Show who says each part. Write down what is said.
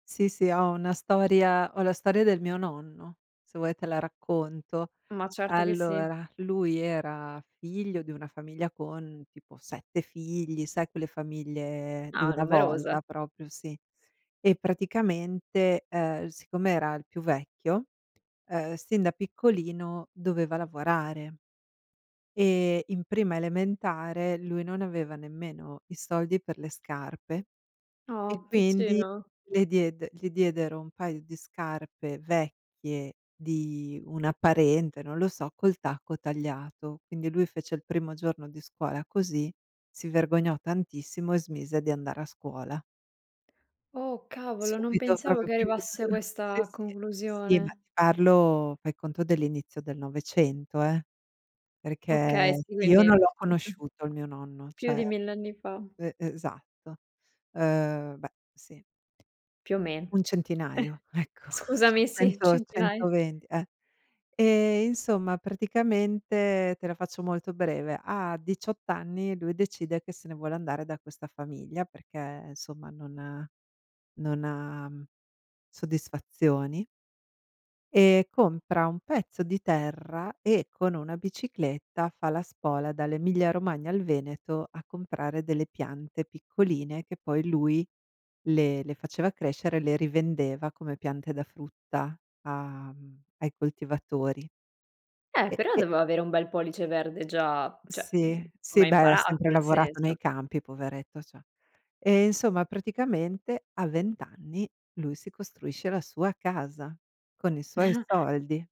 Speaker 1: Sì, sì, ho una storia ho la storia del mio nonno. Se vuoi te la racconto.
Speaker 2: Ma certo che sì!
Speaker 1: Allora, lui era figlio di una famiglia con tipo 7 figli, sai quelle famiglie di
Speaker 2: Ah,
Speaker 1: una
Speaker 2: numerosa.
Speaker 1: volta proprio sì. E praticamente, uhm, siccome era il più vecchio, uhm, sin da piccolino doveva lavorare. E in prima elementare, lui non aveva nemmeno i soldi per le scarpe e
Speaker 2: Oh,
Speaker 1: quindi
Speaker 2: piccino!
Speaker 1: le diede gli diedero 1 paio di scarpe vecchie di una parente, non lo so, col tacco tagliato. Quindi lui fece il primo giorno di scuola così, si vergognò tantissimo e smise di andare a scuola.
Speaker 2: Oh, cavolo, non
Speaker 1: Subito
Speaker 2: pensavo
Speaker 1: proprio,
Speaker 2: che
Speaker 1: primo
Speaker 2: arrivasse a
Speaker 1: gio sì,
Speaker 2: questa
Speaker 1: sì. Sì, ma
Speaker 2: conclusione.
Speaker 1: ti parlo, fai conto dell'inizio del 900, eh.
Speaker 2: Okay,
Speaker 1: Perché
Speaker 2: sì,
Speaker 1: io
Speaker 2: quindi
Speaker 1: non l'ho conosciuto il mio nonno,
Speaker 2: più
Speaker 1: cioè
Speaker 2: di 1.000 anni fa.
Speaker 1: e esatto. Uhm, beh, sì.
Speaker 2: Più o me
Speaker 1: Un centinaio, ecco, ce
Speaker 2: scusami, sì,
Speaker 1: cento,
Speaker 2: centinaia.
Speaker 1: 120 e ehm, insomma praticamente, te la faccio molto breve, a 18 anni lui decide che se ne vuole andare da questa famiglia perché insomma non non ha soddisfazioni. Ehm, compra un pezzo di terra e con una bicicletta, fa la spola dall'Emilia Romagna al Veneto, a comprare delle piante piccoline, che poi lui le le faceva crescere, le rivendeva come piante da frutta a mhmm, ai coltivatori.
Speaker 2: Eh,
Speaker 1: E
Speaker 2: però
Speaker 1: e
Speaker 2: doveva avere un bel pollice verde già cioè, mhmm,
Speaker 1: Sì,
Speaker 2: come
Speaker 1: sì,
Speaker 2: ha
Speaker 1: beh, ha
Speaker 2: imparato?
Speaker 1: sempre
Speaker 2: Nel
Speaker 1: lavorato
Speaker 2: senso
Speaker 1: nei campi, poveretto, cioè. Eh, insomma, praticamente a 20 anni, lui si costruisce la sua casa, con i suoi soldi.